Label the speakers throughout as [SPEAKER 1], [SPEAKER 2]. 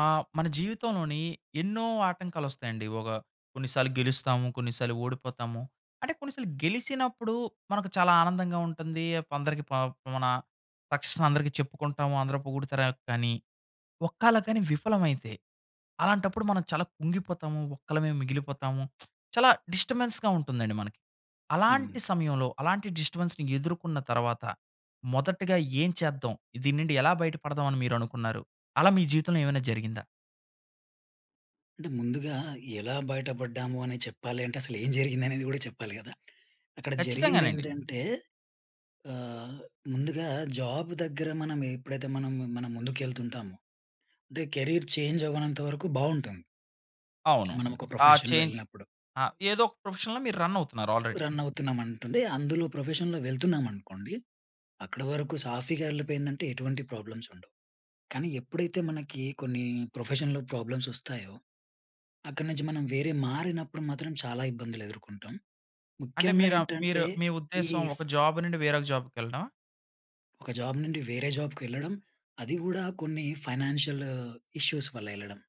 [SPEAKER 1] ఆహ్, మన జీవితంలోని ఎన్నో ఆటంకాలు వస్తాయండి. ఒక కొన్నిసార్లు గెలుస్తాము, కొన్నిసార్లు ఓడిపోతాము. అంటే కొన్నిసార్లు గెలిచినప్పుడు మనకు చాలా ఆనందంగా ఉంటుంది. కొందరికి ప మన సక్సెస్ అందరికీ చెప్పుకుంటాము. అందరు పొగుడుతారు. కానీ ఒక్కల కాని విఫలమైతే అలాంటప్పుడు మనం చాలా కుంగిపోతాము, ఒక్కలమే మిగిలిపోతాము. చాలా డిస్టర్బెన్స్‌గా ఉంటుందండి మనకి. అలాంటి
[SPEAKER 2] హ్మ్.
[SPEAKER 1] సమయంలో, అలాంటి డిస్టర్బెన్స్‌ని ఎదుర్కొన్న తర్వాత మొదటిగా ఏం చేద్దాం, దీని నుండి ఎలా బయట పడదాం అని మీరు అనుకున్నారు? అలా మీ జీవితంలో ఏమైనా జరిగిందా?
[SPEAKER 2] అంటే ముందుగా ఎలా బయట పడ్డాము అనేది చెప్పాలి అంటే అసలు ఏం జరిగింది అనేది కూడా చెప్పాలి కదా, అక్కడ జరిగింది
[SPEAKER 1] ఖచ్చితంగానండి.
[SPEAKER 2] ఏంటంటే, ఆహ్, ముందుగా జాబ్ దగ్గర మనం ఎప్పుడైతే మనం, మనం ముందుకు ఎళ్తుంటామో అంటే కెరీర్ చేంజ్ అవ్వనంత వరకు బాగుంటాము...
[SPEAKER 1] అవును.
[SPEAKER 2] మనం ఒక
[SPEAKER 1] ఆహ్, చే
[SPEAKER 2] ప్రొఫెషన్‌లో ఎళ్ళినప్పుడు.
[SPEAKER 1] ఆహ్, ఏదో ఒక ప్రొఫెషన్‌లో మీరు రన్ అవుతున్నారు ఆల్రెడీ.
[SPEAKER 2] రన్ అవుతున్నాం అనటుండే అందులో ప్రొఫెషన్‌లో వెళ్తున్నాం అనుకోండి. అక్కడ వరకు సాఫీగా ఎళ్లిపోయిందంటే ఎటువంటి ప్రాబ్లమ్స్ ఉండవు. కానీ ఎప్పుడైతే మనకి కొన్ని ప్రొఫెషన్‌లో ప్రాబ్లమ్స్ వస్తాయో, అక్కడి నుంచి మనం వేరే మారినప్పుడు మాత్రం చాలా ఇబ్బందులు ఎదుర్కొంటాం.
[SPEAKER 1] అంటే
[SPEAKER 2] ముఖ్యంగా
[SPEAKER 1] మీరా మీరు
[SPEAKER 2] ఏంటంటే
[SPEAKER 1] మీ
[SPEAKER 2] ఈ
[SPEAKER 1] ఉద్దేశం ఒక జాబ్ నుండి వేరే ఒక జాబ్‌కెళ్ళడమా?
[SPEAKER 2] ఒక జాబ్ నుండి వేరే జాబ్‌కి వెళ్ళడం. అది కూడా కొన్ని ఫైనాన్షియల్ ఇష్యూ‌స్ వల్ల ఎళ్ళడం.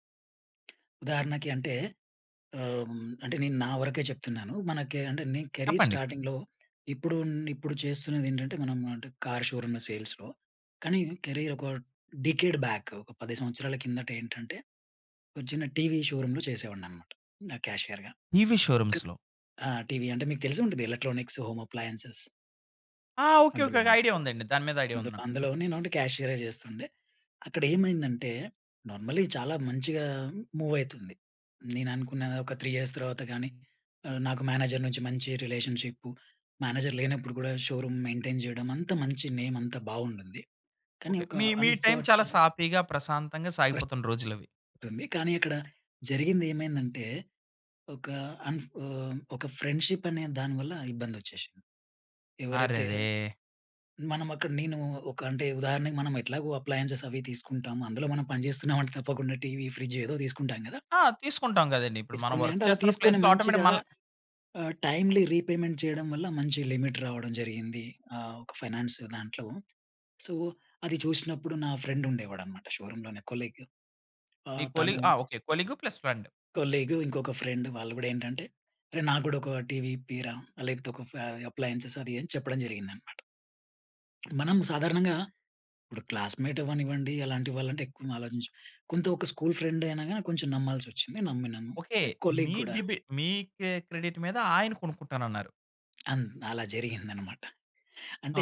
[SPEAKER 2] ఉదాహరణకి అంటే ఆహ్, అంటే నేను నా వరకే చెప్తున్నాను. మనకి అంటే నేను కెరియర్
[SPEAKER 1] చెప్పండి.
[SPEAKER 2] స్టార్టింగ్‌లో ఇప్పుడు, ఇప్పుడు చేస్తున్నది ఏంటంటే మనం అంటే కార్ షోరూమ్‌ సేల్స్‌లో. కాని కెరియర్ ఒక డికేడ్ బ్యాక్. ఒక 10 సంవత్సరాల కిందట ఏంటంటే, ఒక చిన్న టీవీ షోరూమ్‌లో చేసేవాడిని అన్నమాట క్యాషియర్‌గా.
[SPEAKER 1] టీవీ షోరూమ్స్‌లో
[SPEAKER 2] ఆహ్, టీవీ అంటే మీకు తెలిసే ఉంటుంది. Electronics home appliances.
[SPEAKER 1] ఆ! Okay, okay. ఒక
[SPEAKER 2] అందులోను.
[SPEAKER 1] ఐడియా ఉందండి. దాని మీద ఐడియా ఉంది నాకు.
[SPEAKER 2] అందులో నేను ఓన్లీ క్యాషియర్ఏ చేస్తుండే. అక్కడ ఏమైందంటే నార్మల్లి చాలా మంచిగా మూవ్ అయితుంది. నేను అనుకున్న ఒక 3 ఇయర్స్ తర్వాత గానీ ఆహ్, నాకు మేనేజర్ నుంచి మంచి రిలేషన్‌షిప్పు. మేనేజర్ లేనప్పుడు కూడా షోరూమ్ మెయింటైన్ చేయడం. అంతా మంచి నేమ్ అంతా బావుండుంది. కానీ
[SPEAKER 1] ఓకే.
[SPEAKER 2] ఒక
[SPEAKER 1] మీ, మీ టైమ్ చాలా
[SPEAKER 2] అన్ఫార్చునేట్
[SPEAKER 1] సాఫీగా ప్రశాంతంగా సాగిపోతున్న రోజులవి.
[SPEAKER 2] ఉంటుంది. కానీ అక్కడ జరిగింది ఏమైందంటే, ఒక అన్ ఆహ్, ఒక ఫ్రెండ్‌షిప్ అనే దాని వల్ల ఇబ్బంది వచ్చేసింది. ఎవరైతే
[SPEAKER 1] అరెరే!
[SPEAKER 2] మనం అక్కడ నేను ఒక అంటే ఉదాహరణకి మనం ఎట్లాగో అప్లయెన్సెస్ అవి తీసుకుంటాము. అందులో మనం పనిచేస్తున్నామంటే తప్పకుండా టీవీ, ఫ్రిడ్జ్ ఏదో తీసుకుంటాం కదా!
[SPEAKER 1] ఆ! తీసుకుంటాం కదండీ! ఇప్పుడు మనం
[SPEAKER 2] తీసుకుని
[SPEAKER 1] వర్క్
[SPEAKER 2] అంటే అలా
[SPEAKER 1] చేస్తున్న
[SPEAKER 2] తీసుకొని
[SPEAKER 1] ప్లేస్‌లో ఆటొమెటిక్
[SPEAKER 2] మంచిగా
[SPEAKER 1] మన
[SPEAKER 2] ఆహ్, టైమ్లీ రీపేమెంట్ చేయడం వల్ల మంచి లిమిట్ రావడం జరిగింది. ఆహ్, ఒక ఫైనాన్స్ దాంట్లో. సో అది చూసినప్పుడు నా ఫ్రెండ్ ఉండేవాడన్నమాట షోరూమ్‌లోనే కొలీగ్.
[SPEAKER 1] మీ
[SPEAKER 2] ఆహ్,
[SPEAKER 1] కొలీగ్
[SPEAKER 2] తను
[SPEAKER 1] ఆహ్, okay. Colleague plus friend.
[SPEAKER 2] Colleague ఇంకొక ఫ్రెండ్ వాళ్ళు కూడా ఏంటంటే, రే నాకు కూడా ఒక టివి ఇప్పియ్యిర, లేకపోతే ఒక ఫే అప్లయెన్స్ అది అని చెప్పడం జరిగిందన్నమాట. మనం సాధారణంగా ఇప్పుడు క్లాస్‌మేట్ అవ్వనివ్వండి అలాంటి వాళ్ళంటే ఎక్కువ ఆలోచించం. కొంత ఒక స్కూల్ ఫ్రెండ్ అయినా గాని కొంచెం నమ్మాల్సి వచ్చింది నమ్మినాను.
[SPEAKER 1] ఓకే.
[SPEAKER 2] కొలీగ్
[SPEAKER 1] మీ
[SPEAKER 2] కూడా.
[SPEAKER 1] డిబి మీ కె క్రెడిట్ మీద ఆయన కొనుక్కుంటానన్నారు.
[SPEAKER 2] అన్ అలా జరిగిందన్నమాట.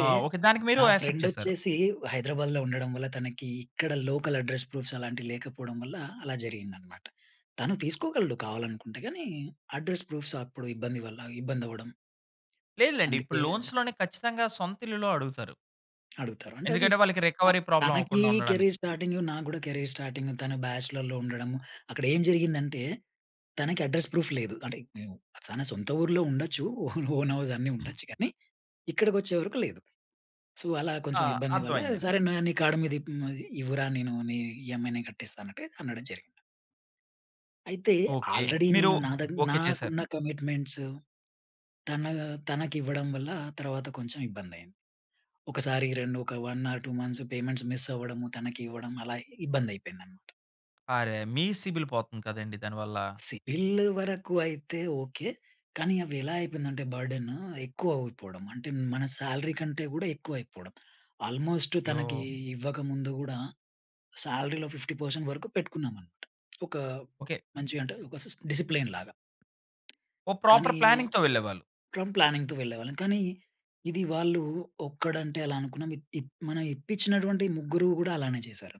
[SPEAKER 1] ఆ! ఓకే. దానికి మీరు
[SPEAKER 2] నా
[SPEAKER 1] యాక్సెప్ట్
[SPEAKER 2] ఫ్రెండ్
[SPEAKER 1] చేసారు.
[SPEAKER 2] వచ్చేసి, హైదరాబాద్‌లో ఉండడం వల్ల తనకి ఇక్కడ లోకల్ అడ్రెస్ ప్రూఫ్స్ అలాంటివి లేకపోవడం వల్ల అలా జరిగిందన్నమాట. తను తీసుకోగలడు కావాలనుకుంటే గాని అడ్రెస్ ప్రూఫ్స్ అప్పుడు ఇబ్బంది వల్ల ఇబ్బంది అవ్వడం
[SPEAKER 1] లేదులెండి. ఇప్పుడు
[SPEAKER 2] అందుకే
[SPEAKER 1] లోన్స్‌లోనే ఖచ్చితంగా సొంత ఇల్లులు అడుగుతారు.
[SPEAKER 2] అడుగుతారు. అంటే అది
[SPEAKER 1] ఎందుకంటే వాళ్ళకి
[SPEAKER 2] ఆహ్,
[SPEAKER 1] రికవరీ ప్రాబ్లెమ్
[SPEAKER 2] తనకి
[SPEAKER 1] అవ్వకుండా ఉండడానికి.
[SPEAKER 2] కెరీర్ స్టార్టింగ్‌లొ నాకు కూడా కెరీర్ స్టార్టింగ్, తను బ్యాచెలర్‌లో ఉండడము. అక్కడ ఏం జరిగిందంటే తనకి అడ్రెస్ ప్రూఫ్ లేదు. అంటే ఉ తన సొంత ఊర్లో ఉండొచ్చు ఓ ఓన్ హౌస్ అన్నీ ఉండొచ్చు గాని ఇక్కడికి వచ్చేవరకు లేదు. సో, అలా
[SPEAKER 1] ఆ!
[SPEAKER 2] కొంచెం ఇబ్బంది వల్ల
[SPEAKER 1] అర్థమైందండి.
[SPEAKER 2] సరే ను నీ కార్డ్ మీద ఇప్ ఇవ్వురా నేను నీ ఈఎ‌మ్ఐ నేను కట్టేస్తా అన్నట్టుగా అనడం జరిగింది. అయితే
[SPEAKER 1] ఓకే.
[SPEAKER 2] ఆల్రెడీ
[SPEAKER 1] మీరు
[SPEAKER 2] నేను నా దగ్
[SPEAKER 1] ఓకే చేసారు.
[SPEAKER 2] నాకున్న కమిట్మెంట్స్ తన తనకివ్వడం వల్ల తర్వాత కొంచెం ఇబ్బంది అయింది. ఒకసారి 2 ఒక 1 ఆర్ 2 మంత్స్ పేమెంట్స్ మిస్ అవ్వడం, తనకి ఇవ్వడం అలా ఇబ్బంది అయిపోయింది అన్నమాట.
[SPEAKER 1] అరే! మీ సిబిల్ పోతుంది కదండీ దానివల్ల!
[SPEAKER 2] సిబిల్ వరకు అయితే ఓకే. కానీ అవి ఎలా అయిపోయిందంటే బర్డెన్ ఎక్కువ అయిపోవడం అంటే మన సాలరీ కంటే కూడా ఎక్కువ అయిపోవడం. ఆల్‌మోస్ట్ తనకి
[SPEAKER 1] అయో!
[SPEAKER 2] ఇవ్వకముందు కూడా సాలరీలో 50% వరకు పెట్టుకున్నాం అన్నమాట. ఒక
[SPEAKER 1] ఓకే.
[SPEAKER 2] మంచిగ అంటే ఒక సిస్ డిసిప్లిన్ లాగా.
[SPEAKER 1] ఓ
[SPEAKER 2] కానీ
[SPEAKER 1] ప్రాపర్ ప్లానింగ్‌తో వెళ్ళేవాళ్ళు.
[SPEAKER 2] ఫ్రమ్ ప్లానింగ్‌తో వెళ్ళేవాళ్ళం. కానీ ఇది వాళ్ళు ఒక్కడు అంటే అలా అనుకున్నాం. ఇత్ ఇప్ మనం ఇప్పించినటువంటి ముగ్గురు కూడా అలానే చేసారు.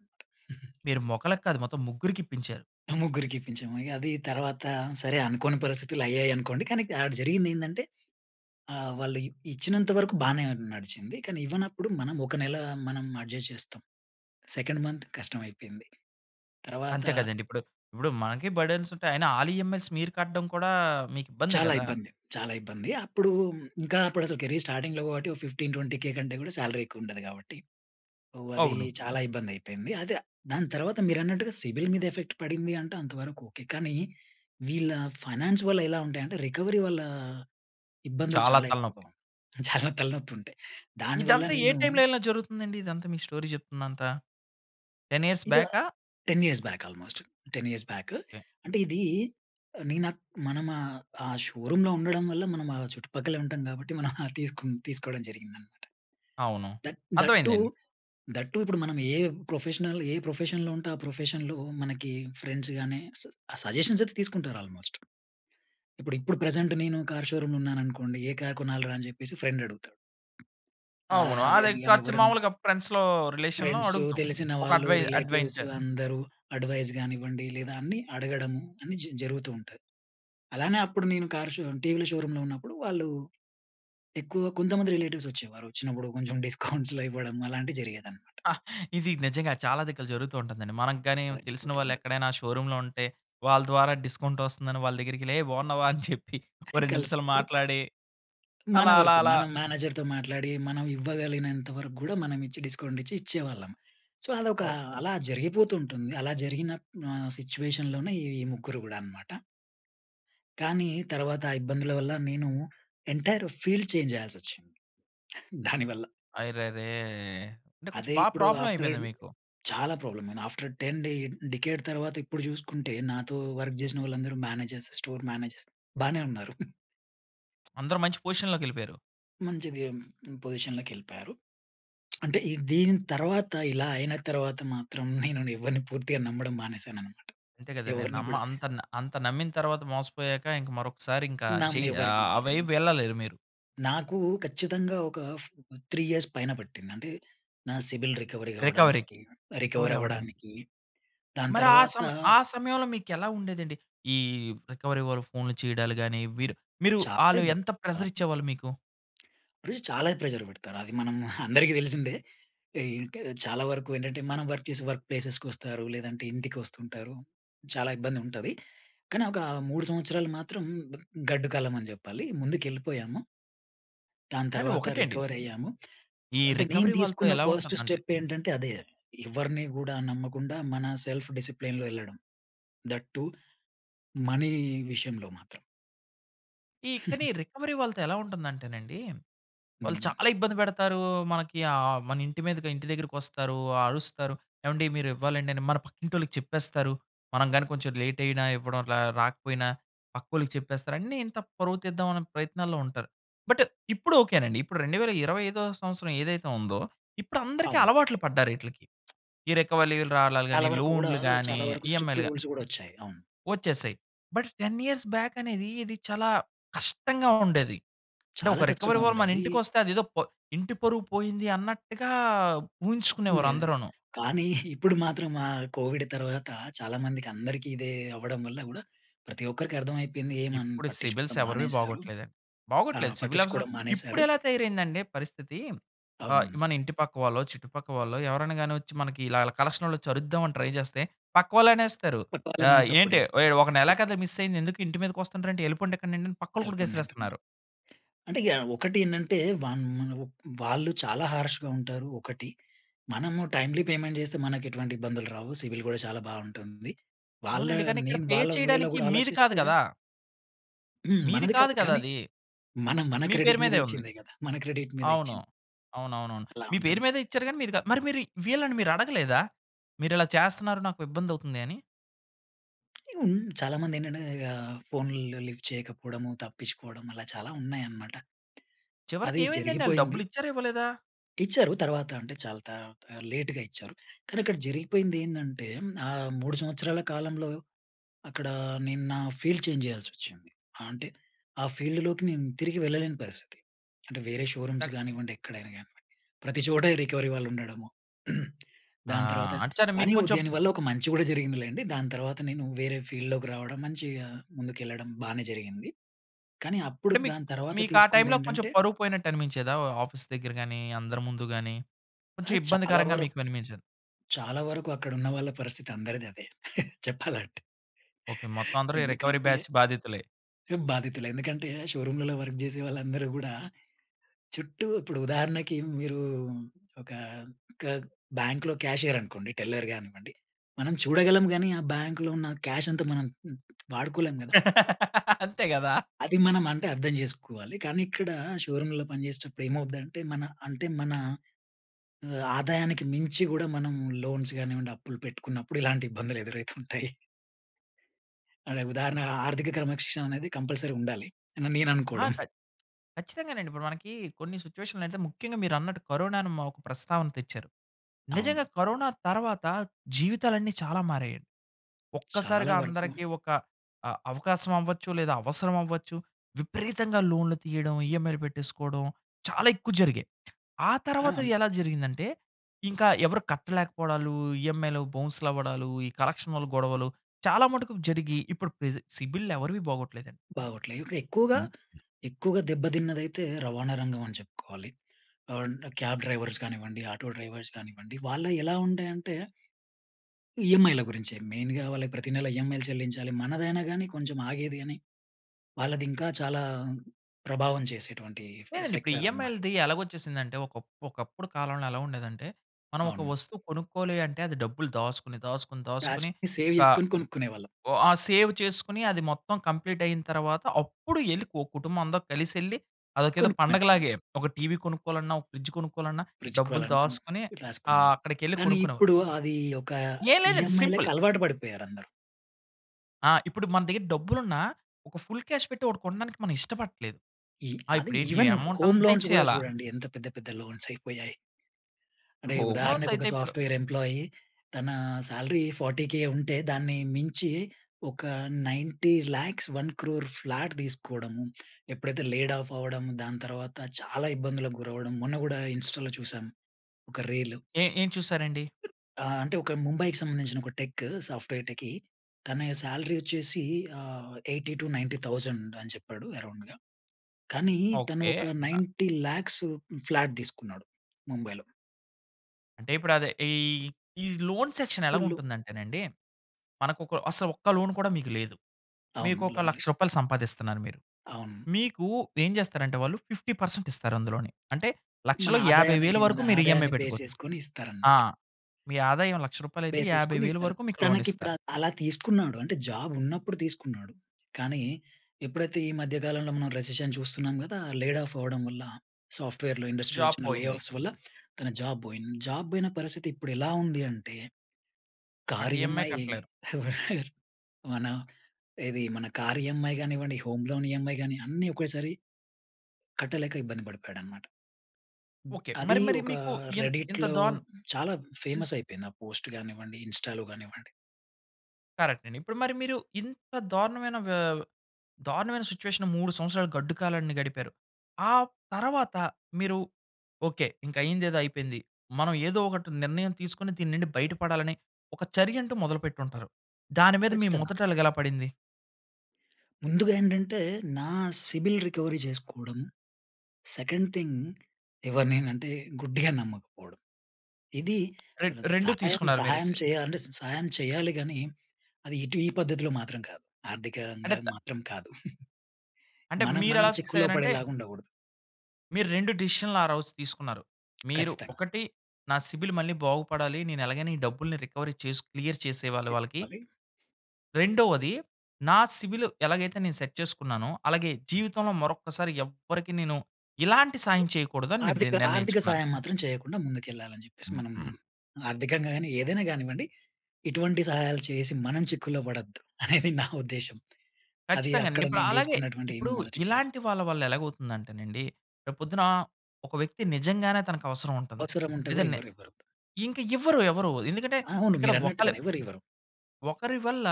[SPEAKER 1] మీరు మొకలకి కాదు మొత్తం ముగ్గురికి ఇప్పించారు.
[SPEAKER 2] మనం ముగ్గురికి ఇప్పించాం. ఇగ అది తర్వాత సరే అనుకోని పరిస్థితుల్లో అయ్యాయి అనుకోండి. కానీ ఆడ జరిగింది ఏందంటే ఆహ్, వాళ్ళు ఇ ఇచ్చినంత వరకు బానే నడిచింది. కానీ ఇవ్వనప్పుడు మనం ఒక నెల మనం అడ్జస్ట్ చేస్తాం. సెకండ్ మంత్ కష్టమైపోయింది. తర్వాత
[SPEAKER 1] అంతే కదండీ! ఇప్పుడు ఇప్పుడు మనకీ బర్డెన్స్ ఉంటాయి. అయినా ఆళ్ల ఈఎంఐస్ మీరు కట్టడం కూడా మీకు ఇబ్బందే
[SPEAKER 2] చాలా
[SPEAKER 1] కదా!
[SPEAKER 2] ఇబ్బంది. చాలా ఇబ్బంది. అప్పుడు ఇంకా అప్పుడు అసలు కెరీర్ స్టార్టింగ్‌లో కాబట్టి ఓ 15, 20 కంటే కూడా సాలరీ ఎక్కువ ఉండది కాబట్టి. ఓహ్, అది
[SPEAKER 1] అవును.
[SPEAKER 2] చాలా ఇబ్బంది అయిపోయింది. అదే దాని తర్వాత మీరన్నట్టుగా సిబిల్ మీద ఎఫెక్ట్ పడింది అంటే అంతవరకు ఓకే. కానీ వీళ్ళ ఫైనాన్స్ వల్ల ఎలా ఉంటాయంటే రికవరీ వల్ల ఇబ్బందులు
[SPEAKER 1] చాలా
[SPEAKER 2] చాలా ఎక్కువగా
[SPEAKER 1] తలనొప్పి.
[SPEAKER 2] ఉం చాలా తలనొప్పి ఉంటాయి. దాని వల్ల
[SPEAKER 1] ఇదంతా ఏ
[SPEAKER 2] నేను
[SPEAKER 1] టైమ్‌లో ఇలా జరుగుతుందండి ఇదంతా మీ స్టోరీ చెప్తుంది అంతా? 10 ఇయర్స్
[SPEAKER 2] ఇదా?
[SPEAKER 1] బ్యాకా?
[SPEAKER 2] 10 years back almost 10 years back.
[SPEAKER 1] Okay.
[SPEAKER 2] అంటే ఇది నేనా మనం ఆహ్, ఆ షోరూమ్‌లో ఉండడం వల్ల మనం ఆ చుట్టుపక్కలే ఉంటాం కాబట్టి మనం తీసుకు తీసుకోవడం జరిగిందన్నమాట.
[SPEAKER 1] అవును.
[SPEAKER 2] దట్ దట్ టూ,
[SPEAKER 1] అర్థమైందండి.
[SPEAKER 2] దట్ టూ ఇప్పుడు మనం ఏ ప్రొఫెషనల్, ఏ ప్రొఫెషన్‌లో ఉంటే ఆ ప్రొఫెషన్‌లో మనకి ఫ్రెండ్స్ గానీ, స ఆ సజెషన్స్ అయితే తీసుకుంటారు ఆల్‌మోస్ట్. ఇప్పుడు, ఇప్పుడు ప్రజెంట్ నేను కార్ షోరూమ్‌లో ఉన్నాననుకోండి, ఏ కార్ కొనాలిరా? అని చెప్పేసి ఫ్రెండ్ అడుగుతాడు.
[SPEAKER 1] అవును.
[SPEAKER 2] ఆహ్, అదే
[SPEAKER 1] అది
[SPEAKER 2] అనగాని
[SPEAKER 1] ఖచ్చి
[SPEAKER 2] ఎవరన్నా
[SPEAKER 1] మాములుగా ఫ్రెండ్స్‌లో రిలేషన్‌లో
[SPEAKER 2] ఫ్రెండ్స్,
[SPEAKER 1] అడుగుతాం
[SPEAKER 2] తెలిసిన
[SPEAKER 1] ఒక
[SPEAKER 2] వాళ్ళు,
[SPEAKER 1] అడ్వె
[SPEAKER 2] రిలేటివ్స్,
[SPEAKER 1] అడ్వెంచర్.
[SPEAKER 2] అందరూ అడ్వైస్ కానివ్వండి లేదా అన్ని అడగడము అన్ని జ-జరుగుతూ ఉంటాయి. అలానే అప్పుడు నేను కార్ షో టీవీల షోరూమ్‌లో ఉన్నప్పుడు వాళ్ళు ఎక్కువ కొంతమంది రిలేటివ్స్ వచ్చేవారు. వచ్చినప్పుడు కొంచెం డిస్కౌంట్స్‌లో ఇవ్వడం అలాంటివి జరిగేది అన్నమాట.
[SPEAKER 1] ఇది నిజంగా చాలా దగ్గర జరుగుతూ ఉంటుందండి. మనకు గాని తెలిసిన
[SPEAKER 2] మర్చిపోతూ
[SPEAKER 1] వాళ్ళు
[SPEAKER 2] ఉంటాం.
[SPEAKER 1] ఎక్కడైనా షోరూమ్‌లో ఉంటే వాళ్ళ ద్వారా డిస్కౌంట్ వస్తుందని వాళ్ళ దగ్గరికి ఎళ్లి హే! బాగున్నావా? అని చెప్పి ఒక 2 నిమిషాలు
[SPEAKER 2] కలిసినప్పుడు
[SPEAKER 1] మాట్లాడి,
[SPEAKER 2] మన
[SPEAKER 1] అలా, అలా,
[SPEAKER 2] వరకు.
[SPEAKER 1] అలా
[SPEAKER 2] మనం మేనేజర్‌తో మాట్లాడి మనం ఇవ్వగలిగినంత వరకు కూడా మనం ఇచ్చి డిస్కౌంట్ ఇచ్చి ఇచ్చేవాళ్ళం. సో, అదొక
[SPEAKER 1] అవ్
[SPEAKER 2] అలా జరిగిపోతుంటుంది. అలా జరిగిన ఆహ్, సిచ్యుయేషన్‌లోనే ఈ ముగ్గురు కూడా అన్నమాట. కానీ తర్వాత ఇబ్బందుల వల్ల నేను ఎంటైర్ ఫీల్డ్ చేంజ్ చేయాల్సి వచ్చింది దాని వల్ల.
[SPEAKER 1] అరెరే! అంటే కొంచెం
[SPEAKER 2] అదే
[SPEAKER 1] బా
[SPEAKER 2] ఇప్పుడు
[SPEAKER 1] ప్రాబ్లమ్
[SPEAKER 2] ఆఫ్టర్
[SPEAKER 1] అయిపోయిందా
[SPEAKER 2] ఎన్
[SPEAKER 1] మీకు?
[SPEAKER 2] చాలా ప్రాబ్లమ్ అయింది. ఆఫ్టర్ 10 డే డికేడ్ తర్వాత ఇప్పుడు చూసుకుంటే నాతో వర్క్ చేసిన వాళ్ళందరూ మేనేజర్స్, స్టోర్ మేనేజర్స్ బానే ఉన్నారు.
[SPEAKER 1] అందరు మంచి పొజిషన్‌లోకి ఎళ్ళిపోయారు.
[SPEAKER 2] మంచిది మ్ పొజిషన్‌లోకి ఎళ్ళిపోయారు. అంటే ఈ దీని తర్వాత ఇలా అయిన తర్వాత మాత్రం నేను ఎవరిని పూర్తిగా నమ్మడం మానేసానన్నమాట.
[SPEAKER 1] అంతే కదండీ.
[SPEAKER 2] ఎవరిని
[SPEAKER 1] నమ్మ
[SPEAKER 2] కూడా
[SPEAKER 1] అంత, అంత నమ్మిన తర్వాత మోసపోయాక ఇంక మరొకసారి ఇంకా
[SPEAKER 2] నన్ను
[SPEAKER 1] చెయ్
[SPEAKER 2] ఎవరికీ
[SPEAKER 1] ఆహ్, ఆ
[SPEAKER 2] ఇవ్వలేదు.
[SPEAKER 1] వైపు వెళ్ళలేరు మీరు.
[SPEAKER 2] నాకు ఖచ్చితంగా ఒక ఫ్ 3 ఇయర్స్‌ పైన పట్టింది. అంటే నా సిబిల్ రికవరీకి గావ్వడానికి
[SPEAKER 1] రికవరీకి.
[SPEAKER 2] రికవరీ
[SPEAKER 1] రికవరీ అవ్వడానికి.
[SPEAKER 2] అవ్వడానికి. దాని
[SPEAKER 1] మరి ఆ
[SPEAKER 2] తర్వాత
[SPEAKER 1] సమ ఆ సమయంలో మీకు ఎలా ఉండేదండి? ఈ రికవరీ వాళ్ళు ఫోన్‌లు చేయడాలు‌గాని, వీడు మీరు
[SPEAKER 2] చాలా
[SPEAKER 1] ఆళ్ళు
[SPEAKER 2] ఇబ్బంది
[SPEAKER 1] ఎంత
[SPEAKER 2] ఆలా
[SPEAKER 1] ప్రెషర్
[SPEAKER 2] అయితే
[SPEAKER 1] ఇచ్చేవాళ్ళు మీకు?
[SPEAKER 2] వీళ్ళు చాలా ప్రెషర్ పెడతారు. అది మనం అందరికి తెలిసిందే. ఏంటే చాలా వరకు ఏంటంటే మనం వర్క్ చేసే వర్క్ ప్లేస్‌కి వస్తారు. లేదంటే ఇంటికి వస్తుంటారు. చాలా ఇబ్బంది ఉంటది. కానీ ఒక 3 సంవత్సరాలు మాత్రం బ్ గడ్డు కాలం అని చెప్పాలి. ముందుకెళ్ళిపోయాము. దాని
[SPEAKER 1] కానీ
[SPEAKER 2] తర్వాత
[SPEAKER 1] ఒకటి అండి.
[SPEAKER 2] రికవర్ అయ్యాము.
[SPEAKER 1] ఈ
[SPEAKER 2] అంటే నేను
[SPEAKER 1] రికవరీ వాళ్ళతో
[SPEAKER 2] తీసుకున్న
[SPEAKER 1] ఎలా
[SPEAKER 2] ఫస్ట్
[SPEAKER 1] ఉంటుందంటే...
[SPEAKER 2] స్టెప్ ఏంటంటే అదే. ఎవరిని గూడా నమ్మకుండా మన సెల్ఫ్ డిసిప్లిన్‌లో ఎళ్ళడం. దట్ టూ మనీ విషయంలో మాత్రం.
[SPEAKER 1] ఈ కానీ రికవరీ వాళ్ళతో ఎలా ఉంటుందంటేనండి, వాళ్ళు
[SPEAKER 2] హ్మ్.
[SPEAKER 1] చాలా ఇబ్బంది పెడతారు. మనకి ఆ! మన ఇంటి మీదకి ఇంటి దగ్గరకొస్తారు. అరుస్తరు. ఏవండీ మీరు ఇవ్వాలండి అని మన పక్కింటోళ్ళకి చెప్పేస్తారు. మనం గాని కొంచెం లేటు అయినా ఇవ్వడం, అలా రాకపోయినా పక్కోళ్ళకి చెప్పేస్తారు. అన్నీ ఇంత పరువు తీద్దాం అనే ప్రయత్నాల్లో ఉంటారు. బట్ ఇప్పుడు ఓకేనండి. ఇప్పుడు 2025దో సంవత్సరం ఏదైతే ఉందో ఇప్పుడు అందరికీ
[SPEAKER 2] అవును.
[SPEAKER 1] అలవాట్లు పడ్డారు ఈట్లకి. ఈ రికవలిలు రాలలు
[SPEAKER 2] చాలా
[SPEAKER 1] గాని,
[SPEAKER 2] వరకు కూడా
[SPEAKER 1] లోన్‌లు గాని,
[SPEAKER 2] చాలా వరకు స్ట్రిక్ట్
[SPEAKER 1] ఈఎంఐలు గా
[SPEAKER 2] రూల్స్ కూడా వచ్చాయి. అవును.
[SPEAKER 1] వచ్చేసాయి. బట్ 10 ఇయర్స్ బ్యాక్ అనేది ఇది చాలా కష్టంగా ఉండేది. అంటే
[SPEAKER 2] చాలా
[SPEAKER 1] ఒక
[SPEAKER 2] కష్టంగా
[SPEAKER 1] రికవరీ వాళ్ళు మన
[SPEAKER 2] ఉండేది.
[SPEAKER 1] ఇంటికి వస్తే అది ఏదో ప ఇంటి పరువు పోయింది అన్నట్టుగా ఉహించుకునేవారు
[SPEAKER 2] ఉండేది.
[SPEAKER 1] అందరును.
[SPEAKER 2] కానీ ఇప్పుడు మాత్రం ఆ! కోవిడ్ తర్వాత చాలా మందికి అందరికి ఇదే అవ్వడం వల్ల గూడా ప్రతి ఒక్కరికి అర్థమైపోయింది. ఏం అన్
[SPEAKER 1] ఇప్పుడు సిబిల్స్
[SPEAKER 2] పట్టించుకోవడం
[SPEAKER 1] ఎవరివి
[SPEAKER 2] మానేశారు.
[SPEAKER 1] బాగోట్లేదండి.
[SPEAKER 2] ఆ!
[SPEAKER 1] బాగోట్లేదు సిబిల్స్ అసలా
[SPEAKER 2] పట్టించుకోవడం
[SPEAKER 1] ఇప్పుడు
[SPEAKER 2] మానేశారు.
[SPEAKER 1] ఎలా తయారయిందండి పరిస్థితి ఆ!
[SPEAKER 2] అవున్
[SPEAKER 1] మన ఇంటి పక్క వాళ్ళో, చుట్టుపక్క వాళ్ళో ఎవరైనా గాని వచ్చి మనకి ఇలా అలా కలెక్షన్‌ ఆళ్ళు వచ్చి అరుదాం అని ట్రై చేస్తే పక్కవాళ్ళు అనేస్తారు."
[SPEAKER 2] కొత్త వాళ్ళే
[SPEAKER 1] ఆ!
[SPEAKER 2] మన‌కి సపోర్ట్
[SPEAKER 1] ఏంటి
[SPEAKER 2] చేస్తారు.
[SPEAKER 1] ఒక నెలే కదా మిస్ అయింది ఎందుకు ఇంటి మీదకి వస్తుండ్రు ఎళ్ళిపొండి ఇక్కడి నుండి" పక్కోళ్ళు కూడా
[SPEAKER 2] ఎళ్ళిపొండి అంటున్నారు.
[SPEAKER 1] గసిరేస్తున్నారు.
[SPEAKER 2] అంటే యాహ్! ఒకటి ఏంటంటే వాళ్ళు మనకు వాళ్ళు చాలా హార్ష్‌గా ఉంటారు ఒకటి. మనము టైమ్‌లీ పేమెంట్ చేస్తే మనకు ఎటువంటి ఇబ్బందులు రావు. సిబిల్ కూడా చాలా బావుంటుంది. వాళ్ళ
[SPEAKER 1] అవునండి కానీ ఇక్కడ
[SPEAKER 2] నేను
[SPEAKER 1] పే
[SPEAKER 2] వాళ్ళ వే‌లో
[SPEAKER 1] చేయడానికి
[SPEAKER 2] కూడా
[SPEAKER 1] మీది కాదు
[SPEAKER 2] ఆలోచిస్తే
[SPEAKER 1] కదా!
[SPEAKER 2] హ్మ్,
[SPEAKER 1] మీది
[SPEAKER 2] మనది
[SPEAKER 1] కాదు
[SPEAKER 2] కాదు.
[SPEAKER 1] కదా!
[SPEAKER 2] కానీ
[SPEAKER 1] అదీ.
[SPEAKER 2] మనం మన
[SPEAKER 1] మీ పేరు
[SPEAKER 2] క్రెడిట్ మీద
[SPEAKER 1] మీదే ఉంది.
[SPEAKER 2] ఇచ్చిందే గదా! మన క్రెడిట్ మీద
[SPEAKER 1] అవును.
[SPEAKER 2] ఇచ్చిం
[SPEAKER 1] అవునవునవును
[SPEAKER 2] అలా
[SPEAKER 1] మీ పేరు
[SPEAKER 2] ఉంటుంది.
[SPEAKER 1] మీదే ఇచ్చారుగానీ మీది కా మరి మీరు వీళ్ళని మీరు అడగలేదా? మీరు ఇలా చేస్తున్నారు నాకు ఇబ్బంది అవుతుంది అని.
[SPEAKER 2] హ్మ్. చాలామంది ఏంటంటే ఇగ ఫోన్లు లిఫ్ట్ చేయకపోవడము, తప్పిచ్చుకోవడం అలా చాలా ఉన్నాయన్నమాట.
[SPEAKER 1] చివరికి
[SPEAKER 2] అది
[SPEAKER 1] ఏమైందండి ఆళ్ళు
[SPEAKER 2] జరిగిపోయింది.
[SPEAKER 1] డబ్బులు ఇచ్చారా? ఇవ్వలేదా?
[SPEAKER 2] ఇచ్చారు తర్వాత. అంటే చాలా తరువాత లేట్‌గా ఇచ్చారు. కానీ అక్కడ జరిగిపోయింది ఏందంటే హ్మ్, ఆ 3 సంవత్సరాల కాలంలో, అక్కడ నేను నా ఫీల్డ్ చేంజ్ జేయాల్సొచ్చింది ఆహ్, అంటే ఆ ఫీల్డ్‌లోకి నేను తిరిగి వెళ్లలేని పరిస్థితి అంటే వేరే షోరూమ్స్ గానివ్వండి, ఎక్కడైనా గానివ్వండి. ప్రతి చోటా ఈ రికవరీ వాళ్ళు ఉండడము.
[SPEAKER 1] ఆ!
[SPEAKER 2] దాని తర్వాత
[SPEAKER 1] అంటే సరే
[SPEAKER 2] కానీ
[SPEAKER 1] మీకు కొంచెం
[SPEAKER 2] దీని వల్ల ఒక మంచి కూడా జరిగింది లెండి. దాని తర్వాత నేను వేరే ఫీల్డ్‌లోకి రావడం, మంచిగా ముందుకెళ్ళడం బానే జరిగింది. కానీ అప్పుడు
[SPEAKER 1] అంటే మీక్
[SPEAKER 2] దాని తర్వాత
[SPEAKER 1] మీకు ఆ టైంలో కొంచెం
[SPEAKER 2] తీసుకుందేంటంటే
[SPEAKER 1] పరువు పోయినట్టు అనిపించేదా? ఆహ్, ఆఫీస్ దగ్గర గాని, అందరి ముందు గాని
[SPEAKER 2] ఆ!
[SPEAKER 1] కొంచెం
[SPEAKER 2] చాలా
[SPEAKER 1] ఇబ్బందికరంగా
[SPEAKER 2] వర
[SPEAKER 1] మీకు అనిపించేద్
[SPEAKER 2] చాలా వరకు అక్కడ ఉన్న వాళ్ళ పరిస్థితి అందరిది అదే చెప్పాలంటే.
[SPEAKER 1] ఓకే. మొత్తం అందరూ ఈ రికవరీ
[SPEAKER 2] ఎందుకంటే
[SPEAKER 1] బ్యాచ్ బాధితులే.
[SPEAKER 2] [unintelligible] బాధితులు. ఎందుకంటే షోరూమ్లలో వర్క్ జేసే వాళ్ళందరూ గూడా చుట్టూ ఇప్పుడు ఉదాహరణకి, మీరు ఒక, ఒక బ్యాంక్‌లో క్యాషియర్ అనుకోండి. టెల్లర్ గానివ్వండి. మనం చూడగలం. కానీ ఆ బ్యాంక్‌‌‌‌‌‌‌లో ఉన్న క్యాష్ అంతా మనం వాడుకోలేం గదా!
[SPEAKER 1] అంతే కదా!
[SPEAKER 2] అది మనం అంటే అర్థం జేసుకోవాలి. కానీ ఇక్కడా షోరూంలో పని జేసేటప్పుడు ఏమవుద్దంటే, మన అంటే మన ఆహ్, ఆదాయానికి మించి గూడా మనం లోన్స్ గానివ్వండి, అప్పులు పెట్టుకున్నప్పుడు ఇలాంటి ఇబ్బందులు ఎదురవుతుంటాయి. అదే ఉదాహరణ ఆర్థిక క్రమశిక్షణ అనేది కంపల్సరీ ఉండాలి అని నేను
[SPEAKER 1] హా!
[SPEAKER 2] అనుకోవడం.
[SPEAKER 1] ఖ ఖచ్చితంగానండి. ఇప్పుడు మనకీ కొన్ని సిట్యుయేషన్లయితే ముఖ్యంగా మీరు అన్నట్టు కరోనా అని మ ఒక ప్రస్తావన తెచ్చారు.
[SPEAKER 2] అవును.
[SPEAKER 1] నిజంగా కరోనా తర్వాత జీవితాలన్నీ చాలా మారాయండి.
[SPEAKER 2] చాలా
[SPEAKER 1] ఒక్కసారిగా
[SPEAKER 2] వరకు.
[SPEAKER 1] అందరికి ఒక అ అవకాశం అవ్వచ్చు లేదా అవసరం అవ్వచ్చు. విపరీతంగా లోన్లు తీయడం. ఈఎంఐలు పెట్టేసుకోవడం చాలా ఎక్కువ జరిగాయి. ఆ తర్వాత
[SPEAKER 2] ఆ!
[SPEAKER 1] ఎలా జరిగిందంటే, ఇంకా ఎవరు కట్టలేకపోవడాలు, ఈఎంఐలు బౌన్సులవ్వడాలు, ఈ కరక్షన్ వల్ల గొడవలు చాలా మటుకు జరిగి ఇప్పుడు ప్రస్ సిబిల్ ఎవరివి బాగోట్లేదండి.
[SPEAKER 2] బాగోట్లేదు. ఎక్కువగా ఎక్కువగా దెబ్బతిన్నదైతే రవాణా రంగం అని జెప్పుకోవాలి. ఆహ్, క్యాబ్ డ్రైవర్స్ గానివ్వండి, ఆటో డ్రైవర్స్ గానివ్వండి. వాళ్ళు ఎలా ఉండె అంటే ఈఎంఐల గురించే మెయిన్‌గా వాళ్ళకి ప్రతి నెల ఈఎంఐలు చెల్లించాలి. మనదైనా గాని కొంచెం ఆగేది గాని వాళ్ళది ఇంకా చాలా ప్రభావం చేసేటువంటి
[SPEAKER 1] లేదండి ఇప్పుడు
[SPEAKER 2] సెక్టర్ అన్నమాట.
[SPEAKER 1] ఈఎంఐలది ఎలాగొచ్చేసిందంటే ఒక ఒకప్పుడు కాలంలో ఎలా ఉండేదంటే, మనం ఒక
[SPEAKER 2] అవున్
[SPEAKER 1] వస్తువు కొనుక్కోవాలి అంటే అది డబ్బులు దాసుకొని, దాసుకొని, దాసుకొని
[SPEAKER 2] దాసుకొని సేవ్
[SPEAKER 1] ఒక
[SPEAKER 2] జేసుకొని కొనుక్కునేవాళ్ళం.
[SPEAKER 1] ఒ ఆహ్, సేవ్ చేసుకొని. అది మొత్తం కంప్లీట్ అయిన తర్వాత అప్పుడు యెళ్ళి, ఒక కుటుంబం అందరు కలిసెళ్లి అదొకేదో
[SPEAKER 2] కొనుక్కునేవాళ్ళం.
[SPEAKER 1] పండగలాగే. ఒక టీవీ కొనుక్కోవాలన్నా, ఒక ఫ్రిడ్జ్ కొనుక్కోవాలన్నా
[SPEAKER 2] ఫ్రిడ్జ్
[SPEAKER 1] డబ్బులు
[SPEAKER 2] కావాలనుకొని
[SPEAKER 1] దాసుకొని ఆహ్,
[SPEAKER 2] దాసుకునేవాళ్ళం.
[SPEAKER 1] అక్కడికెళ్ళి
[SPEAKER 2] కానీ
[SPEAKER 1] కొనుక్కునేవా
[SPEAKER 2] ఇప్పుడు అది ఒక
[SPEAKER 1] ఏం లేదండి
[SPEAKER 2] ఈఎంఐలకి
[SPEAKER 1] సింపుల్.
[SPEAKER 2] అలవాటు పడిపోయారు అందరు.
[SPEAKER 1] ఆ! ఇప్పుడు మన దెగ్గిర డబ్బులున్నా ఒక ఫుల్ క్యాష్ పెట్టి ఒకటి కొనడానికి మనం ఇష్టపడట్లేదు.
[SPEAKER 2] ఈ
[SPEAKER 1] ఆ!
[SPEAKER 2] అదే
[SPEAKER 1] ఇప్పుడు ఏంటి ఈ
[SPEAKER 2] ఈవెన్
[SPEAKER 1] అమౌంట్
[SPEAKER 2] హోమ్
[SPEAKER 1] అంతా
[SPEAKER 2] లోన్స్ గూడా
[SPEAKER 1] ఇచ్చేయాల?
[SPEAKER 2] జూడండి. ఎంత పెద్ద పెద్ద లోన్స్ అయిపోయాయి. అంటే
[SPEAKER 1] హోమ్ లోన్స్
[SPEAKER 2] ఉదాహరణకు ఒక
[SPEAKER 1] అయితే ఇప్పుడు
[SPEAKER 2] సాఫ్ట్‌వేర్ ఎంప్లాయి తనా శాలరీ 40 కే ఉంటే దాన్ని మించీ, ఒక 90,00,000 1,00,00,000 ఫ్లాట్ తీసుకోడము. ఎప్పుడైతే లేడ్ ఆఫ్ అవ్వడం, దాని తర్వాత చాలా ఇబ్బందులకు గురవడం. మొన్న గూడా ఇన్‌స్టాలో చూశాం, ఒక రీలు.
[SPEAKER 1] ఎ ఏం చూశారండి?
[SPEAKER 2] ఆ! అంటే ఒక ముంబైకి సంబంధించిన ఒక టెక్. Software techie. తన శాలరీ వచ్చేసీ ఆహ్, 80,000 - 90,000 అని చెప్పాడు అరౌండ్‌గా. కానీ తను
[SPEAKER 1] ఓకే.
[SPEAKER 2] ఒక 90,00,000 ఫ్లాట్ తీసుకున్నాడు ముంబైలో.
[SPEAKER 1] అంటే ఇప్పుడు అదే ఈ ఈ లోన్ సెక్షన్ ఎలా
[SPEAKER 2] ఉల్లు
[SPEAKER 1] ఉంటుందంటేనండి, మనకు ఒక అస్సల ఒక్క లోన్ కూడా మీకు లేదు.
[SPEAKER 2] అవును.
[SPEAKER 1] మీకొక
[SPEAKER 2] లోన్‌లీ.
[SPEAKER 1] 1,00,000 రూపాయలు సంపాదిస్తున్నారు మీరు.
[SPEAKER 2] అవును.
[SPEAKER 1] మీకు ఏం చేస్తారంటే వాళ్ళు 50% ఇస్తారు అందులోనే. అంటే
[SPEAKER 2] మన
[SPEAKER 1] 1,00,000 50,000
[SPEAKER 2] ఆదాయానికి
[SPEAKER 1] వరకు
[SPEAKER 2] మన
[SPEAKER 1] మీరు ఈఎమ్ఐ
[SPEAKER 2] ఆదాయాన్ని బేస్
[SPEAKER 1] పెట్టుకోచ్చు.
[SPEAKER 2] చేసుకొని
[SPEAKER 1] ఆ!
[SPEAKER 2] ఇస్తారన్నమాట.
[SPEAKER 1] మీ ఆదాయం 1,00,000 రూపాయలు అయితే
[SPEAKER 2] బేస్
[SPEAKER 1] యాభై
[SPEAKER 2] చేసుకొని
[SPEAKER 1] వేల
[SPEAKER 2] ఇస్తారు.
[SPEAKER 1] వరుకు మీకు లోన్
[SPEAKER 2] తనకి ప్ర
[SPEAKER 1] ఇస్తారు.
[SPEAKER 2] అలా తీసుకున్నాడు. అంటే జాబ్ ఉన్నప్పుడు తీసుకున్నాడు. కానీ ఎప్పుడైతే ఈ మధ్య కాలంలో మనం రెసెషన్ చూస్తున్నాం గదా! లేడ్ ఆఫ్ అవ్వడం వల్ల, సాఫ్ట్‌వేర్‌లో, ఇండస్ట్రీలో
[SPEAKER 1] జాబ్
[SPEAKER 2] వచ్చిన లే
[SPEAKER 1] పోయింది.
[SPEAKER 2] ఆఫ్స్ వల్ల తన జాబ్ బోయింది. జాబ్ బోయిన పరిస్థితి ఇప్పుడు ఎలా ఉంది అంటే
[SPEAKER 1] ఆటు
[SPEAKER 2] కార్
[SPEAKER 1] ఈఎమ్‌ఐ
[SPEAKER 2] ఈఎ‌మ్‌ఐ
[SPEAKER 1] కట్టలేరు.
[SPEAKER 2] మన ఏది మన కార్ ఇఎ‌మ్‌ఐ గానివ్వండి. హోమ్ లోన్ ఇఎ‌మ్‌ఐ గానీ అన్నీ ఒకేసారి... కట్టలేక ఇబ్బంది పడిపోయాడన్నమాట.
[SPEAKER 1] ఓకే.
[SPEAKER 2] అదీ
[SPEAKER 1] మరి మరి
[SPEAKER 2] ఒకా
[SPEAKER 1] మీకు ఇం ఇంత
[SPEAKER 2] రెడిట్‌లో
[SPEAKER 1] దారు
[SPEAKER 2] చాలా
[SPEAKER 1] ఇం
[SPEAKER 2] ఫేమస్ అయిపోయింది. ఆహ్, పోస్ట్ గానివ్వండి, ఇన్‌స్టాలో గానివ్వండి.
[SPEAKER 1] కరెక్ట్ అండి. ఇప్పుడు మరి మీరు, ఇంత దారుణమైన వ దారుణమైన సిట్యుయేషన్ 3 సంవత్సరాలు గడ్డు కాలాన్ని గడిపారు. ఆ తర్వాత మీరు, ఓకే, ఇంకా అయిందేదో అయిపోయింది. మనం ఏదో ఒకటి నిర్ణయం తీసుకొని, దీని నుండి బయట పడాలి అని, ఒక చర్య అంటూ మొదలు పెట్టి ఉంటారు. దాని మీద మీ
[SPEAKER 2] ఖచ్చితంగా.
[SPEAKER 1] మొదట అడుగు ఎలా పడింది?
[SPEAKER 2] ముందుగా ఏంటంటే, నా సిబిల్ రికవరీ చేసుకోవడం. సెకండ్ థింగ్ ఎవరినైన అంటే, గుడ్డిగా నమ్మకపోవడం. ఇది
[SPEAKER 1] రెండ్
[SPEAKER 2] వాళ్ళకి
[SPEAKER 1] రెండు
[SPEAKER 2] సహాయం,
[SPEAKER 1] తీసుకున్నారు మీరు
[SPEAKER 2] సహాయం
[SPEAKER 1] సి
[SPEAKER 2] చేయాలి అంటే సహాయం చేయాలి గానీ, అది ఇటు ఈ పద్ధతిలో మాత్రం కాదు.
[SPEAKER 1] అంటే
[SPEAKER 2] ఆర్థికంగా
[SPEAKER 1] త
[SPEAKER 2] మాత్రం కాదు.
[SPEAKER 1] అంటే,
[SPEAKER 2] మనం,
[SPEAKER 1] మీరు
[SPEAKER 2] మనం
[SPEAKER 1] ఎలా ఫిక్స్
[SPEAKER 2] చిక్కులో
[SPEAKER 1] అయ్యారంటే
[SPEAKER 2] పడేలాగా ఉండకూడదు.
[SPEAKER 1] మీరు 2 డిసిషన్లు ఆ రోజు తీసుకున్నారు. మీరు
[SPEAKER 2] ఖచ్చితంగా.
[SPEAKER 1] ఒకటి నా సిబిల్ మళ్ళీ బాగుపడాలి. నేను ఎలాగైనా ఈ డబ్బుల్ని రికవరీ చేసి, క్లియర్ చేసేవాళ్ళి వాళ్ళకి.
[SPEAKER 2] చెప్పాలి.
[SPEAKER 1] రెండోవది, నా సిబిల్ ఎలాగైతే నేను సెట్ చేసుకున్నానో, అలాగే
[SPEAKER 2] హ్మ్.
[SPEAKER 1] జీవితంలో మరొక్కసారి ఎవరికీ నేను, ఇలాంటి సాయం చేయకూడదు అని మీరు
[SPEAKER 2] ఆర్థిక
[SPEAKER 1] నిర్ణ
[SPEAKER 2] ఆర్థిక
[SPEAKER 1] నిర్ణయించుకున్నారు.
[SPEAKER 2] సహాయం మాత్రం చేయకుండా, ముందుకు వెళ్ళాలి అని చెప్పేసి మనం,
[SPEAKER 1] [unintelligible]
[SPEAKER 2] ఆర్థికంగా గాని, ఏదైనా గానివ్వండి, ఇటువంటి సహాయాలు చేసి మనం చిక్కుల్లో పడొద్దు, అనేది నా ఉద్దేశ్యం. అది
[SPEAKER 1] ఖచ్చితంగా అండి.
[SPEAKER 2] అక్కడ
[SPEAKER 1] ఇప్పుడు
[SPEAKER 2] నేను
[SPEAKER 1] అలాగే,
[SPEAKER 2] తీసుకున్నటువంటి
[SPEAKER 1] ఇప్పుడు
[SPEAKER 2] మొదటి చర్య.
[SPEAKER 1] ఇలాంటి వాళ్ళ వల్ల ఎలాగ అవుతుందంటేనండి, రేపు పొద్దున ఒక వ్యక్తి నిజంగానే తనకు అవసరం ఉంటుంది.
[SPEAKER 2] అవసరం ఉంటే కూడా
[SPEAKER 1] లేదండి
[SPEAKER 2] ఇవ్వరు, ఎవ్వరు.
[SPEAKER 1] ఇంకా ఇవ్వరు ఎవరు. ఎందుకంటే
[SPEAKER 2] అవును,
[SPEAKER 1] ఇక్కడ
[SPEAKER 2] మీరు
[SPEAKER 1] ఒకళ్ళు...
[SPEAKER 2] అన్నట్టుగానే ఎవరు ఇవ్వరు.
[SPEAKER 1] ఒకరి వల్ల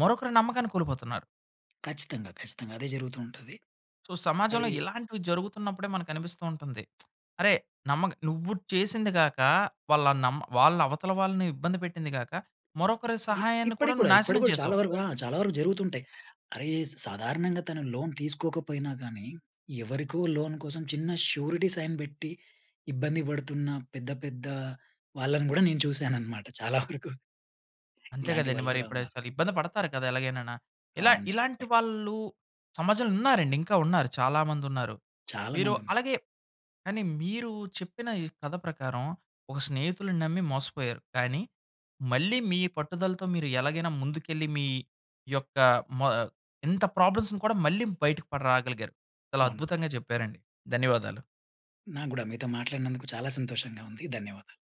[SPEAKER 1] మరొకరు నమ్మకాన్ని కోల్పోతున్నారు.
[SPEAKER 2] ఖచ్చితంగా, ఖచ్చితంగా. అదే జరుగుతూ ఉంటది.
[SPEAKER 1] సో సమాజంలో,
[SPEAKER 2] అయి
[SPEAKER 1] ఇలాంటివి జరుగుతున్నప్పుడే మనకు అనిపిస్తూ ఉంటుంది. అరేయ్! నమ్మగ నువ్వు చేసింది గాక, వాళ్ళ నమ్మ వాళ్ళ అవతల వాళ్ళని ఇబ్బంది పెట్టింది గాక, మరొకరి
[SPEAKER 2] ఇప్
[SPEAKER 1] సహాయాన్ని కూడా
[SPEAKER 2] ఇప్పటికి కూడా,
[SPEAKER 1] నువ్వు
[SPEAKER 2] ఇప్పటికి
[SPEAKER 1] నాశనం
[SPEAKER 2] కూడా చాలా
[SPEAKER 1] చేసావు.
[SPEAKER 2] వరకు ఆ! చాలా వరకు జరుగుతుంటాయి. అరేయ్ సాధారణంగా తను లోన్ తీసుకోకపోయినా గాని, ఎవరికో లోన్ కోసం చిన్న షురిటీ సైన్ పెట్టి, ఇబ్బంది పడుతున్న పెద్ద పెద్ద వాళ్ళని కూడా నేను చూసానన్నమాట, చాలా వరకు.
[SPEAKER 1] అంతే
[SPEAKER 2] ఇలాంటి
[SPEAKER 1] కదండీ!
[SPEAKER 2] వాళ్ళు
[SPEAKER 1] మరి
[SPEAKER 2] కూడా
[SPEAKER 1] ఇప్పుడు
[SPEAKER 2] ఉన్నారు.
[SPEAKER 1] చాలా ఇబ్బంది పడతారు కదా! ఎలాగైననా. ఇలా
[SPEAKER 2] అవును
[SPEAKER 1] ఇలాంటి
[SPEAKER 2] చెప్పరు.
[SPEAKER 1] వాళ్ళు సమాజంలో ఉన్నారండి, ఇంకా ఉన్నారు చాలా మంది ఉన్నారు.
[SPEAKER 2] చాలా
[SPEAKER 1] మీరు
[SPEAKER 2] మంది ఉన్నారు.
[SPEAKER 1] అలాగే, కానీ మీరు చెప్పిన ఈ కథ ప్రకారం, ఒక స్నేహితుడిని నమ్మి మోసపోయారు. కానీ, మళ్ళీ మీ పట్టుదలతో మీరు ఎలాగైనా ముందుకెళ్ళి మీ యొక్క మ ఆహ్ ఇంత ప్రాబ్లమ్స్‌ని కూడా మళ్ళీ బయటకి పడి రాగలిగారు. చాలా
[SPEAKER 2] అవును.
[SPEAKER 1] అద్భుతంగా చెప్పారండి. ధన్యవాదాలు.
[SPEAKER 2] నాకు కూడా మీతో మాట్లాడినందుకు చాలా సంతోషంగా ఉంది, ధన్యవాదాలు.